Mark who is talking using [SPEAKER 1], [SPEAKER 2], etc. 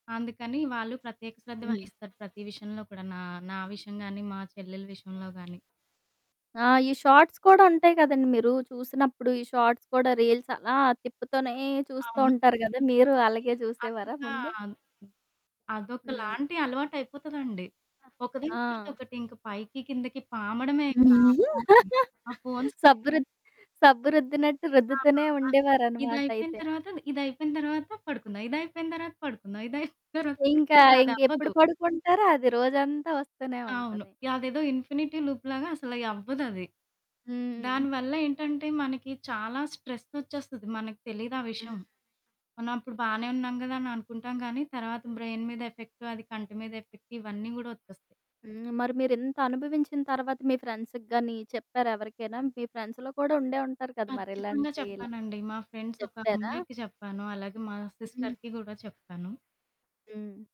[SPEAKER 1] అందుకని వాళ్ళు ప్రత్యేక శ్రద్ధ
[SPEAKER 2] హ్మ్.
[SPEAKER 1] వహిస్తారు. ప్రతి విషయంలో కూడా నా నా విషయం గాని మా చెల్లెల విషయంలో గాని.
[SPEAKER 2] ఆ! ఈ షార్ట్స్ కూడా ఉంటాయి కదండీ, మీరూ చూసినప్పుడు ఈ షార్ట్స్ కూడా రీల్స్ అలా తిప్పుతూనే
[SPEAKER 1] అవును.
[SPEAKER 2] చూస్తుంటారు గదా! మీరు
[SPEAKER 1] మరీ
[SPEAKER 2] అలాగే చూసేవారా
[SPEAKER 1] అంతా
[SPEAKER 2] ముందే? హ్మ్.
[SPEAKER 1] అదొకలాంటి అలవాటైపోతదండి. ఒకదాని
[SPEAKER 2] ఆ!
[SPEAKER 1] తర్వాత
[SPEAKER 2] ఆ!
[SPEAKER 1] ఒకటి ఇంక పైకి కిందకి పాముడమే ఇంక ఆ ఫొను ఆ ఫోన్స్
[SPEAKER 2] సబ్బురు సబ్బు రుద్దినట్టు
[SPEAKER 1] ఆహా!
[SPEAKER 2] రుద్దుతూనే
[SPEAKER 1] అదే.
[SPEAKER 2] ఉండేవారు
[SPEAKER 1] ఇదైపోయిన
[SPEAKER 2] అన్నమాటైతే.
[SPEAKER 1] తరువాతది, ఇదైపోయిన తరువాత పడుకుందాం, ఇదైపోయిన తరువాత పడుకుందాం, ఇదైపోయిన తరువాత
[SPEAKER 2] ఇంకా ఇంకెప్పుడు
[SPEAKER 1] అదవ్వదు.
[SPEAKER 2] పడుకుంటారు. అది రోజంతా వస్తూనే
[SPEAKER 1] అవును.
[SPEAKER 2] ఉంటది.
[SPEAKER 1] యదేదో ఇన్ఫినిటీ లూప్ లాగా అసలయ్యి అవ్వదది.
[SPEAKER 2] హ్మ్.
[SPEAKER 1] దానివల్ల ఏంటంటే మనకి చాలా స్ట్రెస్ ఓచ్చేస్తది మనకి తెలియదు ఆ
[SPEAKER 2] హ్మ్.
[SPEAKER 1] విషయం. మనం అప్పుడు బానే ఉన్నాం కదా! అని అనుకుంటాం కానీ, తర్వాత బ్రైన్ మీద ఎఫెక్ట్, అది కంటి మీద ఎఫెక్ట్, ఇవన్నీ కూడా ఓచ్చేస్తాయి.
[SPEAKER 2] హ్మ్, మరి మీరింత అనుభవించిన తర్వాత మీ ఫ్రెండ్స్‌కి గాని చెప్పారా ఎవరికైనా? మీ ఫ్రెండ్స్‌లో కూడా ఉండే ఉంటారు కదా మరి
[SPEAKER 1] ఖచ్చితంగా
[SPEAKER 2] ఇలాంటి ఇలా
[SPEAKER 1] చెప్పానండి. మా ఫ్రెండ్స్ ఒక
[SPEAKER 2] చెప్తారా?
[SPEAKER 1] అమ్మాయికి చెప్పాను, అలాగే మా
[SPEAKER 2] హ్మ్.
[SPEAKER 1] సిస్టర్‌కి కూడా చెప్తాను.
[SPEAKER 2] హ్మ్.